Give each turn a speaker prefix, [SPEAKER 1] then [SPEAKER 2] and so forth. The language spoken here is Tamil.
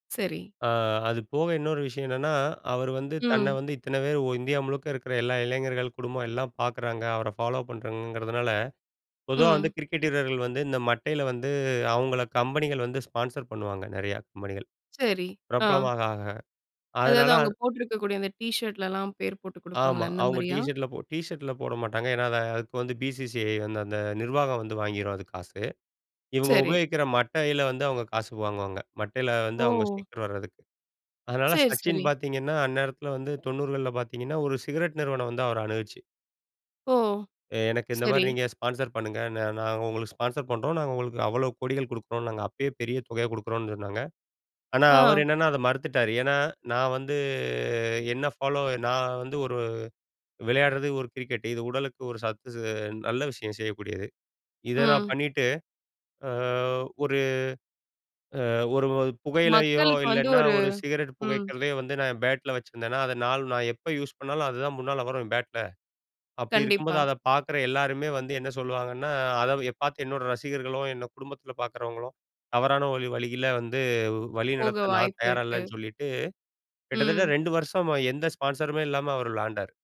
[SPEAKER 1] சரி.
[SPEAKER 2] ஆ அது போக இன்னொரு விஷயம் என்னன்னா, அவரு வந்து தன்னை
[SPEAKER 1] ம்.
[SPEAKER 2] வந்து இத்தனை பேர் ஒ இந்தியா முழுக்க இருக்கிற எல்லா இளைஞர்கள் குடும்பம் எல்லா பார்க்குறாங்க, அவரை ஃபாலோ பண்றாங்கங்கிறதுனால பொதுவா வந்து
[SPEAKER 1] ம்.
[SPEAKER 2] கிரிக்கெட் வீரர்கள் வந்து இந்த மட்டையில வந்து அவங்கள கம்பெனிகள் வந்து ஸ்பான்சர் பண்ணுவாங்க நிறையா கம்பெனிகள்.
[SPEAKER 1] சரி, ஆ.
[SPEAKER 2] பிரபலமாக ஆக.
[SPEAKER 1] அதாவது
[SPEAKER 2] அதனால
[SPEAKER 1] அவுங்க போட்டிருக்கக்கூடிய அந்த டீ ஷர்ட்லலாம் பேர் போட்டு
[SPEAKER 2] ஆமா.
[SPEAKER 1] கொடுப்பாங்களே அந்த
[SPEAKER 2] அவுங்க டீ
[SPEAKER 1] மாரியா?
[SPEAKER 2] ஷர்டில போ டீ ஷர்ட்டில போட மாட்டாங்க. ஏன்னா அதை அதுக்கு வந்து பி.சி.சி.ஐ வந்து அந்த நிர்வாகம் வந்து வாங்கிரும் அதுக்கு காசு. இவுங்க
[SPEAKER 1] சரி.
[SPEAKER 2] உபயோகிக்கிற மட்டையில வந்து அவங்க காசு வாங்குவாங்க. மட்டையில வந்து அவங்க
[SPEAKER 1] ஓ!
[SPEAKER 2] ஸ்டிக்கர் வர்றதுக்கு. அதனால
[SPEAKER 1] சேரி,
[SPEAKER 2] சச்சின்
[SPEAKER 1] சரி.
[SPEAKER 2] பார்த்தீங்கன்னா, அந்நேரத்தில வந்து 90கள்ல பார்த்தீங்கன்னா ஒரு சிகரெட் நிறுவனம் வந்து அவரை அணுகிச்சு.
[SPEAKER 1] ஓ!
[SPEAKER 2] எ எனக்கு இந்த மாதிரி
[SPEAKER 1] சரி.
[SPEAKER 2] நீங்க ஸ்பான்சர் பண்ணுங்க. நாங்க உங்களுக்கு ஸ்பான்சர் பண்ணுறோம் நாங்க உங்களுக்கு அவ்வளோ கோடிகள் கொடுக்குறோம் நாங்க அப்பயே பெரிய தொகையை கொடுக்குறோம்னு சொன்னாங்க. ஆனா அவர்
[SPEAKER 1] ஆ.
[SPEAKER 2] என்னன்னா அதை மறுத்துட்டார். ஏன்னா நான் வந்து என்னை ஃபாலோ நான் வந்து ஒரு விளையாடுறது ஒரு கிரிக்கெட் இது உடலுக்கு ஒரு சத்து ஸ் நல்ல விஷயம் செய்யக்கூடியது. இதை நான்
[SPEAKER 1] ம்.
[SPEAKER 2] பண்ணிட்டு, அ ஒரு அ ஒரு ஒரு புகையிலையோ
[SPEAKER 1] மக்களுக்கு வந்து,
[SPEAKER 2] இல்லைனா
[SPEAKER 1] ஒரு
[SPEAKER 2] ஒரு சிகரெட்
[SPEAKER 1] ம்.
[SPEAKER 2] புகைக்கிறதையே வந்து நான் என் பேட்ல வச்சிருந்தேனா, அதை நாள் நான் எப்போ யூஸ் பண்ணாலும். அதுதான் முன்னால வரும் பேட்ல அப்படி இருக்கும்போது
[SPEAKER 1] கண்டிப்பா.
[SPEAKER 2] அதை பார்க்குற எல்லாருமே வந்து என்ன சொல்லுவாங்கன்னா, அதை பார்த்து என்னோட ரசிகர்களும், என்னை குடும்பத்தில பார்க்குறவங்களும் தவறான வழி வழியில வந்து வழி
[SPEAKER 1] போக
[SPEAKER 2] நடத்த நான்
[SPEAKER 1] வாய்ப்பு
[SPEAKER 2] தயாரா
[SPEAKER 1] இருக்கு.
[SPEAKER 2] இல்லைன்னு சொல்லிட்டு, கிட்டத்தட்ட
[SPEAKER 1] ம்.
[SPEAKER 2] 2 வருஷமா எந்த ஸ்பான்சருமே இல்லாம அவர் விளையாண்டார்.